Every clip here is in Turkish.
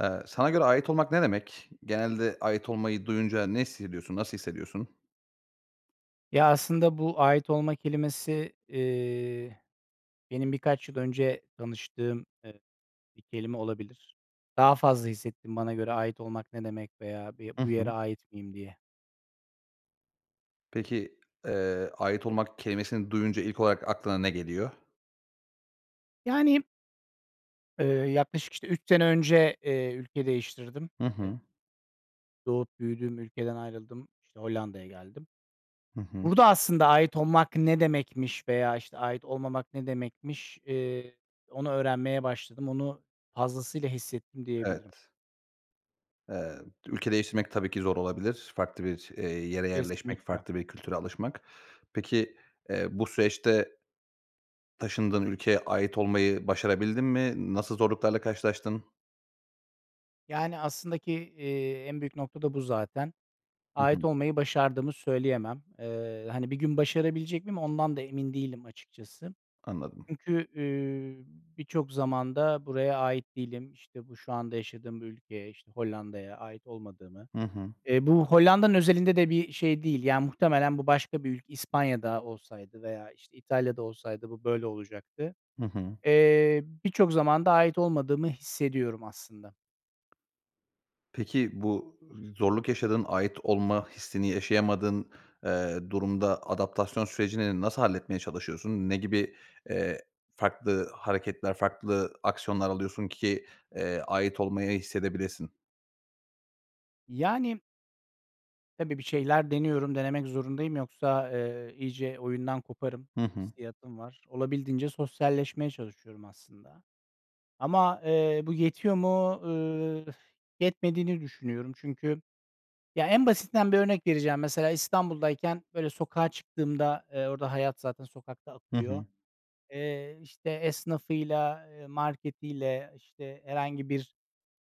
Eee, sana göre ait olmak ne demek? Genelde ait olmayı duyunca ne hissediyorsun? Nasıl hissediyorsun? Ya, aslında bu ait olma kelimesi, iii, benim birkaç yıl önce tanıştığım, ııı, bir kelime olabilir. Daha fazla hissettim bana göre ait olmak ne demek veya bir, Hı bu yere hı. ait miyim, diye. Peki, eee, ait olmak kelimesini duyunca ilk olarak aklına ne geliyor? Yani Eee, yaklaşık, işte, 3 sene önce, iii, ülke değiştirdim. Hı E hı. Doğup büyüdüğüm ülkeden ayrıldım, işte, Hollanda'ya geldim. Hı hı. Burada aslında ait olmak ne demekmiş veya, işte, ait olmamak ne demekmiş, ııı, onu öğrenmeye başladım. Onu fazlasıyla hissettim diyebilirim. Evet. Eee, ülke değiştirmek tabii ki zor olabilir. Farklı bir, eee, yere yerleşmek, Kesinlikle. farklı bir kültüre alışmak. Peki, eee, bu süreçte taşındığın ülkeye ait olmayı başarabildin mi? Nasıl zorluklarla karşılaştın? Yani, aslında ki, eee, en büyük nokta da bu zaten. Hı Ait hı. olmayı başardığımı söyleyemem. Eee, hani, bir gün başarabilecek miyim ondan da emin değilim açıkçası. Anladım. Çünkü, iii, birçok zaman da buraya ait değilim, işte, bu şu anda yaşadığım bu ülkeye, işte, Hollanda'ya ait olmadığımı Hı hı. E, bu Hollanda'nın özelinde de bir şey değil, yani, muhtemelen bu başka bir ülk İspanya da olsaydı veya, işte, İtalya da olsaydı bu böyle olacaktı. Hı hı. Eee, birçok zamanda ait olmadığımı hissediyorum aslında. Peki, bu z zorluk yaşadığın, ait olma hissini yaşayamadığın, eee, durumda adaptasyon sürecini nasıl halletmeye çalışıyorsun? Ne gibi, eee, farklı hareketler, farklı aksiyonlar alıyorsun ki, eee, ait olmayı hissedebilesin? Yani. Tabii, bir şeyler deniyorum, denemek zorundayım yoksa, eee, iyice oyundan koparım Hı hı. hissiyatım var. Olabildiğince sosyalleşmeye çalışıyorum aslında ama, eee, bu yetiyor mu, ııı, ıh, yetmediğini düşünüyorum. Çünkü, ya, en basitinden bir örnek vereceğim, mesela İstanbul'dayken, böyle, sokağa çıktığımda, eee, orada hayat zaten sokakta Hı akıyor, hı. eee, işte, esnafıyla, eee, marketiyle, işte, herhangi bir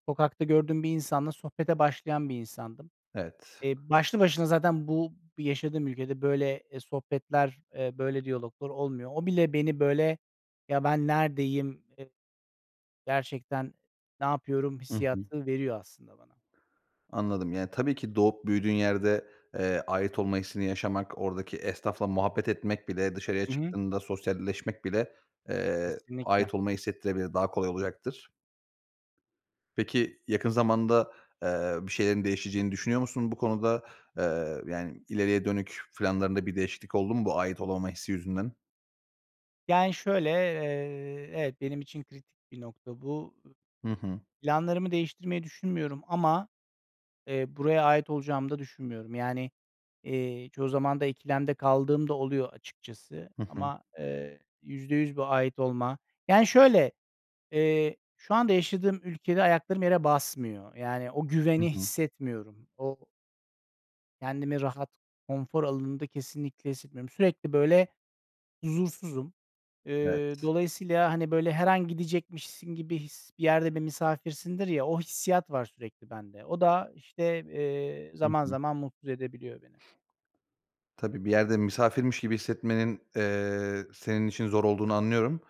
sokakta gördüğüm bir insanla sohbete başlayan bir insandım. Evet. Eee, başlı başına zaten bu yaşadığım, ülkede, böyle, eee, sohbetler, eee, böyle, diyaloglar olmuyor. O bile beni, böyle, "Ya, ben neredeyim, ııı, gerçekten ne yapıyorum?" Hı hı. hissiyatı veriyor aslında bana. Anladım. Yani, tabii ki doğup büyüdüğün yerde, eee, ait olma hissini yaşamak, oradaki esnafla muhabbet etmek bile dışarıya Hı hı. çıktığında sosyalleşmek bile, eee, Kesinlikle. ait olmayı hissettirebilir. Daha kolay olacaktır. Peki, yakın zamanda, eee, bir şeylerin değişeceğini düşünüyor musun bu konuda? Eee, yani, ileriye dönük planlarında bir değişiklik oldu mu bu ait olamama hissi yüzünden? Yani, şöyle, eee, evet, benim için kritik bir nokta bu. Hı hı. Planlarımı değiştirmeyi düşünmüyorum ama, eee, buraya ait olacağımı da düşünmüyorum. Yani, eee, çoğu zaman da ikilemde kaldığım da oluyor, açıkçası. Hı hı. Ama eee, %100 bu ait olma, yani, şöyle, eee, şu anda yaşadığım ülkede ayaklarım yere basmıyor. Yani, o Hı güveni hı. hissetmiyorum. O kendimi rahat konfor alanında kesinlikle hissetmiyorum. Sürekli, böyle, huzursuzum. Eee, Evet. dolayısıyla, hani, böyle, her an gidecekmişsin gibi his, bir yerde bir misafirsindir, ya, o hissiyat var sürekli bende. O da, işte, eee, Hı zaman hı. zaman mutsuz edebiliyor beni. Tabii, bir yerde misafirmiş gibi hissetmenin, eee, senin için zor olduğunu anlıyorum.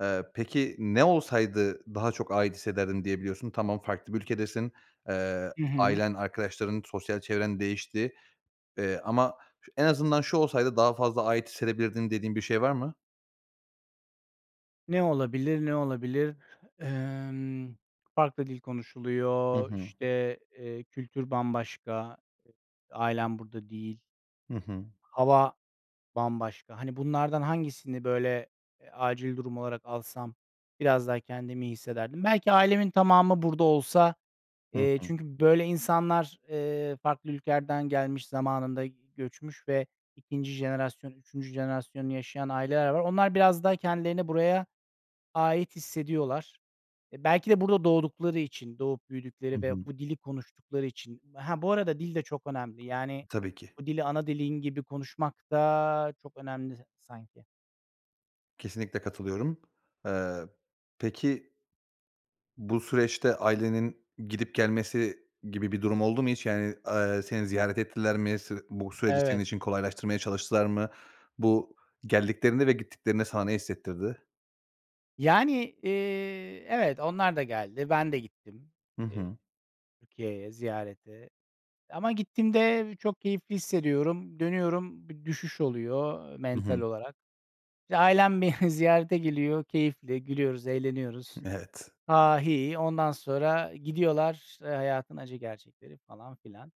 Eee, peki ne olsaydı daha çok ait hissederdim diyebiliyorsun? Tamam, farklı bir ülkedesin. Eee, Hı hı. ailen, arkadaşların, sosyal çevren değişti. Eee, ama en azından şu olsaydı daha fazla ait hissedebilirdim dediğin bir şey var mı? Ne olabilir, ne olabilir? Emm, farklı dil Hı konuşuluyor, hı. işte, eee, kültür bambaşka, ailem burada değil Hı hı. hava bambaşka, hani, bunlardan hangisini, böyle, eee, acil durum olarak alsam biraz daha kendimi iyi hissederdim? Belki ailemin tamamı burada olsa, Hı eee, hı. çünkü böyle insanlar, eee, farklı ülkelerden gelmiş, zamanında göçmüş ve 2'nci jenerasyon, 3'üncü jenerasyonunu yaşayan aileler var. Onlar biraz daha kendilerini buraya ait hissediyorlar. E, belki de burada doğdukları için, doğup Hı büyüdükleri hı. ve bu dili konuştukları için, ha, bu arada, dil de çok önemli, yani, Tabii ki. bu dili ana dilin gibi konuşmak da çok önemli sanki. Kesinlikle katılıyorum. Eee, peki bu süreçte ailenin gidip gelmesi gibi bir durum oldu mu hiç? Yani, eee, seni ziyaret ettiler mi? Se bu süreci senin Evet. için kolaylaştırmaya çalıştılar mı? Bu, geldiklerinde ve gittiklerinde sana ne hissettirdi? Yani, eee, evet, onlar da geldi, ben de gittim, Hı eee, hı. Türkiye'ye ziyarete. Ama gittiğimde çok keyifli hissediyorum, dönüyorum, bir düşüş oluyor Hı mental hı. olarak. İşte, ailem beni ziyarete geliyor, keyifli, gülüyoruz, eğleniyoruz, Evet. "ha ha, hi hi" ondan sonra gidiyorlar, eee, hayatın acı gerçekleri falan filan.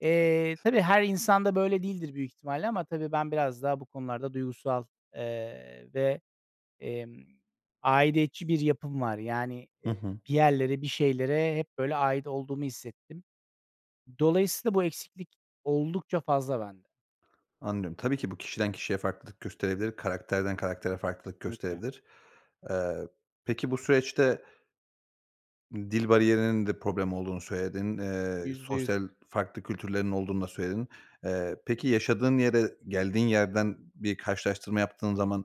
Eee, Evet. tabii her insan da böyle değildir büyük ihtimalle ama tabii ben biraz daha bu konularda duygusal, eee, ve, emm, aidiyetçi bir yapım var. Yani, Hı eee, hı. bir yerlere, bir şeylere hep, böyle, ait olduğumu hissettim. Dolayısıyla bu eksiklik oldukça fazla bende. Anlıyorum. Tabii ki bu kişiden kişiye farklılık gösterebilir, karakterden karaktere farklılık [unintelligible] gösterebilir. Eee, peki bu süreçte dil bariyerinin de problem olduğunu söyledin, eee, %100 sosyal farklı kültürlerin olduğunu da söyledin. Eee, peki yaşadığın yere, geldiğin yerden bir karşılaştırma yaptığın zaman,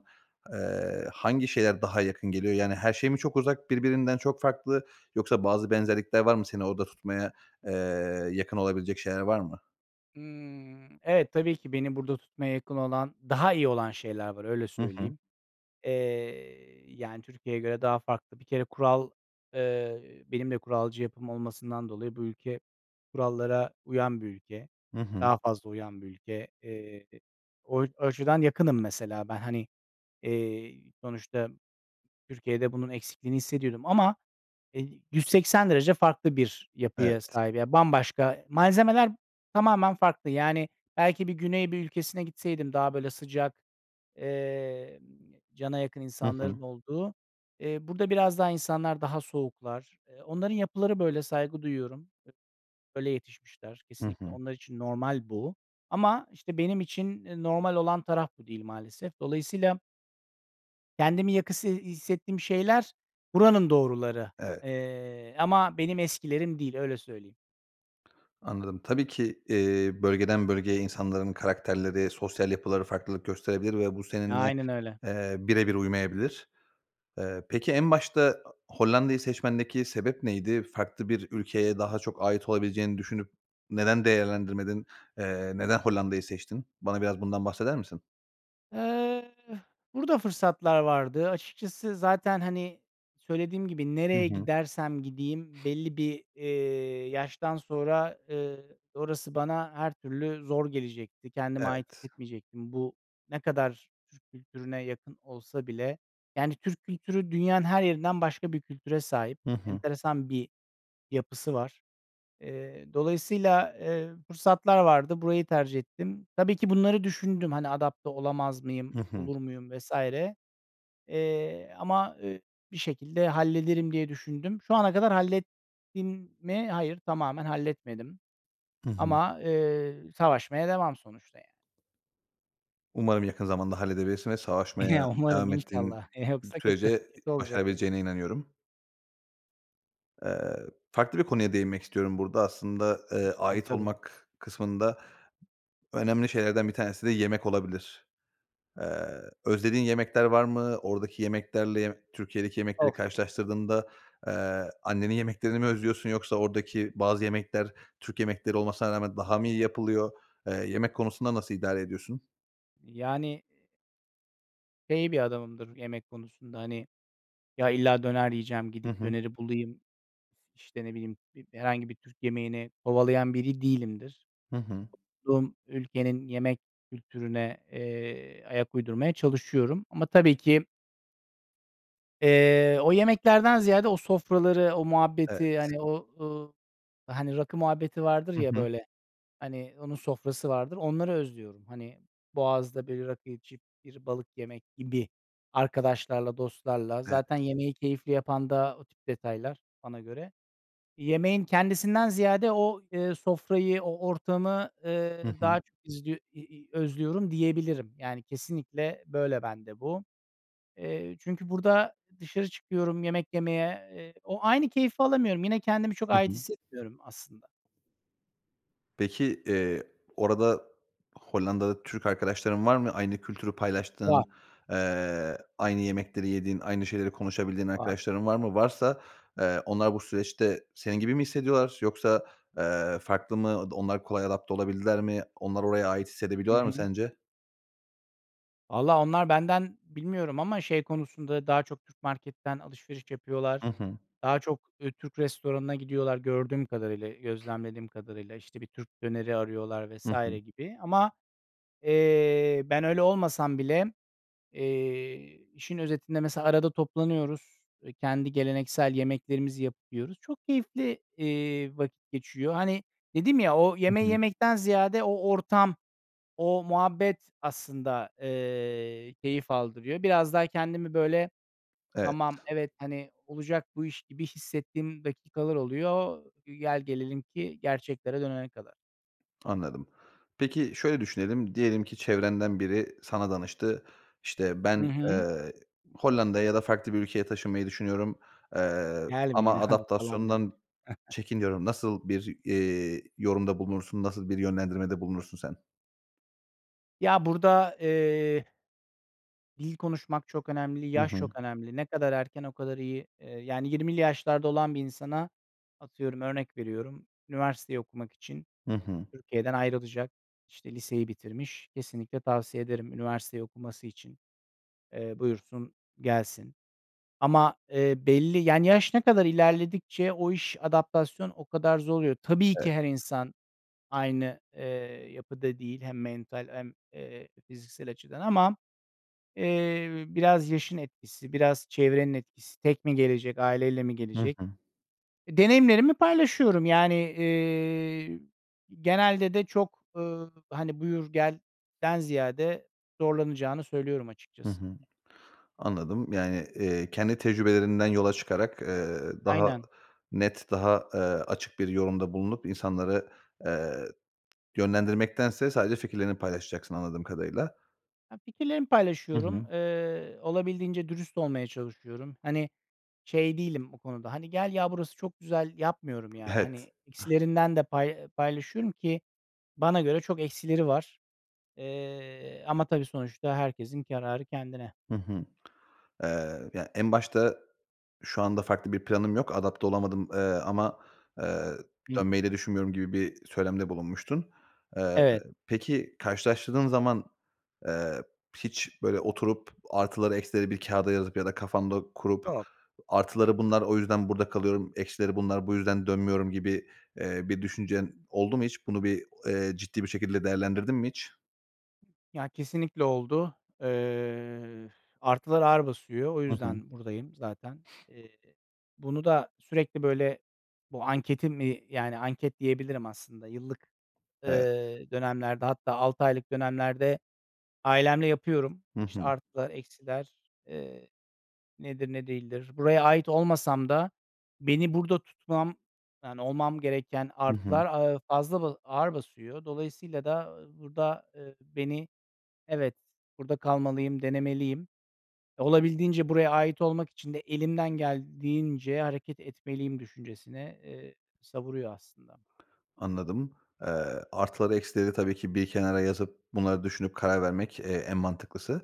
eee, hangi şeyler daha yakın geliyor? Yani, her şey mi çok uzak, birbirinden çok farklı, yoksa bazı benzerlikler var mı? Seni orada tutmaya, eee, yakın olabilecek şeyler var mı? Hımm. Evet, tabii ki beni burada tutmaya yakın olan, daha iyi olan şeyler var, öyle Hı hı. söyleyeyim. Eee, yani, Türkiye'ye göre daha farklı. Bir kere kural, eee, benim de kuralcı yapım olmasından dolayı, bu ülke kurallara uyan bir ülke. Hı hı. Daha fazla uyan bir ülke. Eee, o açıdan yakınım mesela ben. Hani, eee, sonuçta Türkiye'de bunun eksikliğini hissediyordum ama, eee, 180 derece farklı bir yapıya Evet. sahip, ya, bambaşka, malzemeler tamamen farklı. Yani, belki bir Güney bir ülkesine gitseydim daha, böyle, sıcak, emm, cana yakın Hı hı. insanların olduğu, eee, burada biraz daha insanlar daha soğuklar. Eee, onların yapıları böyle, saygı duyuyorum, böyle yetişmişler. Hı Kesinlikle hı. onlar için normal bu. Ama, işte, benim için, eee, normal olan taraf bu değil maalesef. Dolayısıyla kendimi yakın hissettiğim şeyler buranın doğruları, Evet. eee, ama benim eskilerim değil, öyle söyleyeyim. Anladım, tabii ki, eee, bölgeden bölgeye insanların karakterleri, sosyal yapıları farklılık gösterebilir ve bu seninle, Aynen öyle. eee, birebir uymayabilir. Eee, peki en başta a Hollanda'yı seçmendeki sebep neydi? Farklı bir ülkeye daha çok ait olabileceğini düşünüp neden değerlendirmedin? Eee, neden Hollanda'yı seçtin? Bana biraz bundan bahseder misin? Eh, burada fırsatlar vardı açıkçası, zaten, hani, söylediğim gibi, Hı nereye hı. gidersem gideyim belli bir, eee, yaştan sonra, ııı, orası bana her türlü zor gelecekti, kendime ait Evet. hissetmeyecektim. Bu, ne kadar Türk kültürüne yakın olsa bile, yani, Türk kültürü dünyanın her yerinden başka bir kültüre sahip, Hı hı. enteresan bir yapısı var. Eee, dolayısıyla, eee, fırsatlar vardı, burayı tercih ettim. Tabii ki bunları düşündüm, hani, adapte olamaz mıyım, Hı hı. olur muyum, vs. eee, ama, eee, bir şekilde hallederim diye düşündüm. Şu ana kadar hallettim mi? Hayır, tamamen halletmedim Hı hı. ama, eee, savaşmaya devam, sonuçta, yani. Umarım yakın zamanda halledebilirsin ve savaşmaya Ya, umarım devam ettiğin inşallah, eee, yoksa kötü. sürece Kötü olacak benim başarabileceğine inanıyorum. Eee, farklı bir konuya değinmek istiyorum burada aslında, eee, Lütfen, ait tabii. olmak kısmında önemli şeylerden bir tanesi de yemek olabilir. Eee, özlediğin yemekler var mı? Oradaki yemeklerle, ye Türkiye'deki yemekleri Oh. karşılaştırdığında, eee, annenin yemeklerini mi özlüyorsun yoksa oradaki bazı yemekler Türk yemekleri olmasına rağmen daha mı iyi yapılıyor? Eee, yemek konusunda nasıl idare ediyorsun? Yani şey bir adamımdır yemek konusunda, hani, ya, illa döner yiyeceğim, Hı gidip hı. döneri bulayım, işte, ne bileyim, bi herhangi bir Türk yemeğini kovalayan biri değilimdir. Hı hı. bulunduğum ülkenin yemek kültürüne, eee, ayak uydurmaya çalışıyorum ama, tabii ki eee, o yemeklerden ziyade o sofraları, o Evet. muhabbeti, hani, o, ııı, hani, rakı muhabbeti vardır Hı ya, hı. böyle, hani, onun sofrası vardır, onları özlüyorum. Hani, boğazda bir rakı içip bir balık yemek gibi. Arkadaşlarla, dostlarla zaten Evet. yemeği keyifli yapan da o tip detaylar bana göre. Yemeğin kendisinden ziyade o, eee, sofrayı, o ortamı, eee, Hı hı. daha izliyor i i özlüyorum diyebilirim. Yani, kesinlikle böyle bende bu. Eee, çünkü burada dışarı çıkıyorum yemek yemeye, eee, o aynı keyfi alamıyorum, yine kendimi çok Hı ait hı. hissetmiyorum aslında. Peki, eee, orada Hollanda'da Türk arkadaşların var mı? Aynı kültürü Var. paylaştığın, eee, aynı yemekleri yediğin, aynı şeyleri konuşabildiğin Var. arkadaşların var mı? Varsa, eee, onlar bu süreçte senin gibi mi hissediyorlar yoksa, eee, farklı mı? Onlar kolay adapte olabildiler mi? Onlar oraya ait Hı hissedebiliyorlar mı hı. sence? Valla, onlar benden bilmiyorum ama şey konusunda daha çok Türk marketten alışveriş Hı yapıyorlar. hı. Daha çok, ııı, Türk restoranına gidiyorlar gördüğüm kadarıyla, gözlemlediğim kadarıyla. İşte, bir Türk döneri arıyorlar Hı vs. hı. gibi ama, eee, ben öyle olmasam bile, eee, işin özetinde mesela arada toplanıyoruz, eee, kendi geleneksel yemeklerimizi yapıp yiyoruz. Çok keyifli, eee, vakit geçiyor. Hani, dedim ya, o Hı yemeği hı. yemekten ziyade o ortam, o muhabbet aslında, eee, keyif aldırıyor. Biraz daha kendimi, böyle, Evet. tamam, evet, hani, olacak bu iş gibi hissettiğim dakikalar oluyor, gel gelelim ki gerçeklere dönene kadar. Anladım. Peki, şöyle düşünelim, diyelim ki çevrenden biri sana danıştı. İşte, Hı ben, hı. eee, Hollanda'ya ya da farklı bir ülkeye taşınmayı düşünüyorum, eee, Gelmeyin ama abi, falan dermişim. adaptasyondan çekiniyorum. Nasıl bir, eee, yorumda bulunursun? Nasıl bir yönlendirmede bulunursun sen? Ya, burada, eee dil konuşmak çok önemli, Hı yaş hı. çok önemli. Ne kadar erken o kadar iyi. Eee, yani, 20'li yaşlarda olan bir insana, atıyorum, örnek veriyorum, üniversiteyi okumak için Hı hı. Türkiye'den ayrılacak, işte, liseyi bitirmiş, kesinlikle tavsiye ederim üniversiteyi okuması için. Eee, buyursun gelsin ama, eee, belli, yani, yaş ne kadar ilerledikçe o iş, adaptasyon o kadar zor oluyor. Tabii Evet. ki her insan aynı, eee, yapıda değil hem mental hem, eee, fiziksel açıdan ama, eee, biraz yaşın etkisi, biraz çevrenin etkisi, tek mi gelecek, aileyle mi Hı gelecek? hı. E, deneyimlerimi paylaşıyorum, yani, eee, genelde de çok, ııı, hani, buyur gelden ziyade zorlanacağını söylüyorum Hı hı. açıkçası. Anladım. Yani, eee, kendi tecrübelerinden yola çıkarak, eee, daha Aynen. net, daha, eee, açık bir yorumda bulunup insanları, eee, yönlendirmektense sadece fikirlerini paylaşacaksın anladığım kadarıyla. Ya, fikirlerimi Hı paylaşıyorum, hı. eee, olabildiğince dürüst olmaya çalışıyorum. Hani, şey değilim o konuda, hani, gel ya, burası çok güzel, yapmıyorum. Yani, Evet. hani, [unintelligible] eksilerinden de pay paylaşıyorum ki bana göre çok eksileri var. Eee, ama, tabii, sonuçta herkesin kararı kendine. Hı hı. Eee, ya, en başta, şu anda farklı bir planım yok. Adapte olamadım, eee, ama, eee, Hı hı. dönmeyi de düşünmüyorum gibi bir söylemde bulunmuştun. Eee, Evet. peki, karşılaştırdığın zaman, eee, hiç böyle oturup artıları eksileri bir kâğıda yazıp ya da kafanda kurup [unintelligible] artıları bunlar, o yüzden burada kalıyorum. Eksileri bunlar. Bu yüzden dönmüyorum gibi, eee, bir düşüncen oldu mu hiç? Bunu bir, eee, ciddi, bir, şekilde değerlendirdin mi hiç? Ya, kesinlikle oldu. Eee, artılar ağır basıyor. O Hı hı. yüzden buradayım zaten. Eee, bunu da sürekli, böyle, bu anketi mi, yani, anket diyebilirim aslında. Yıllık, Evet. eee, dönemlerde, hatta 6 aylık dönemlerde ailemle yapıyorum. Hı İşte, hı. artılar, eksiler, eee, nedir, ne değildir? Buraya ait olmasam da beni burada tutmam yani, olmam gereken Hı hı. artılar, aaa, fazla, ba ağır basıyor. Dolayısıyla da, ııı, burada, ııı, beni, evet, burada kalmalıyım, denemeliyim. Olabildiğince buraya ait olmak için de elimden geldiğince hareket etmeliyim düşüncesine, eee, savuruyor aslında. Anladım. Eee, artıları, eksileri tabii ki bir kenara yazıp bunları düşünüp karar vermek, eee, en mantıklısı.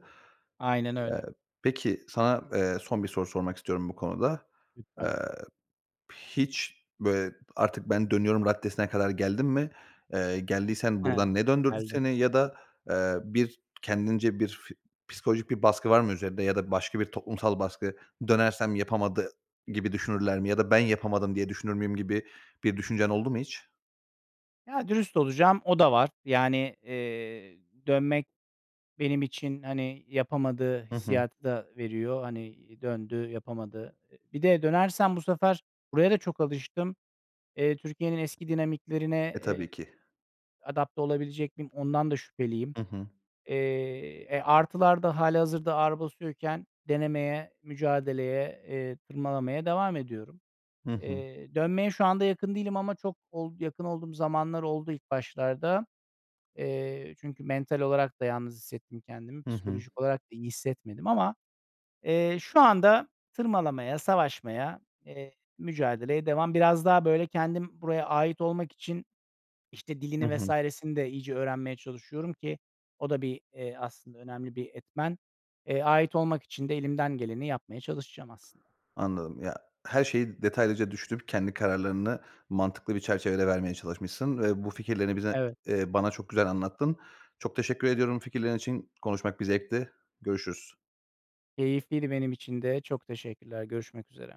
Aynen Eee, öyle. peki, sana, eee, son bir soru sormak istiyorum bu konuda. Eee, Lütfen. hiç, böyle, artık ben dönüyorum raddesine kadar geldin mi? Eee, geldiysen [unintelligible] buradan ne döndürdü Geldim. seni ya da, eee, bir kendince bir fi psikolojik bir baskı var mı üzerinde ya da başka bir toplumsal baskı, dönersem yapamadı gibi düşünürler mi? Ya da ben yapamadım diye düşünür müyüm gibi bir düşüncen oldu mu hiç? Ya, dürüst olacağım, o da var. Yani, eee, dönmek benim için, hani, yapamadığı Hı hı. hissiyatı da veriyor. Hani, döndü, yapamadı. Bir de dönersem bu sefer buraya da çok alıştım. Eee, Türkiye'nin eski E, dinamiklerine, tabii eee, ki. adapte olabilecek miyim? Ondan da şüpheliyim. Hı hı. Eee, e, artılar da hâlihazırda ağır basıyorken denemeye, mücadeleye, eee, tırmalamaya devam ediyorum. Hı hı. Eee, dönmeye şu anda yakın değilim ama çok ol yakın olduğum zamanlar oldu ilk başlarda. Eee, çünkü mental olarak da yalnız hissettim kendimi, Hı hı. psikolojik olarak da iyi hissetmedim ama, eee, şu anda tırmalamaya, savaşmaya, eee, mücadeleye devam. Biraz daha böyle kendim buraya ait olmak için, işte, Hı dilini, hı. vs.sini de iyice öğrenmeye çalışıyorum ki o da bir, eee, aslında önemli bir etmen. Eee, ait olmak için de elimden geleni yapmaya çalışacağım aslında. Anladım. Ya, her şeyi detaylıca düşünüp kendi kararlarını mantıklı bir çerçevede vermeye çalışmışsın ve bu fikirlerini bize Evet. eee, bana çok güzel anlattın. Çok teşekkür ediyorum bu fikirlerin için. Konuşmak bir zevkti. Görüşürüz. Keyifliydi benim için de çok teşekkürler, görüşmek üzere.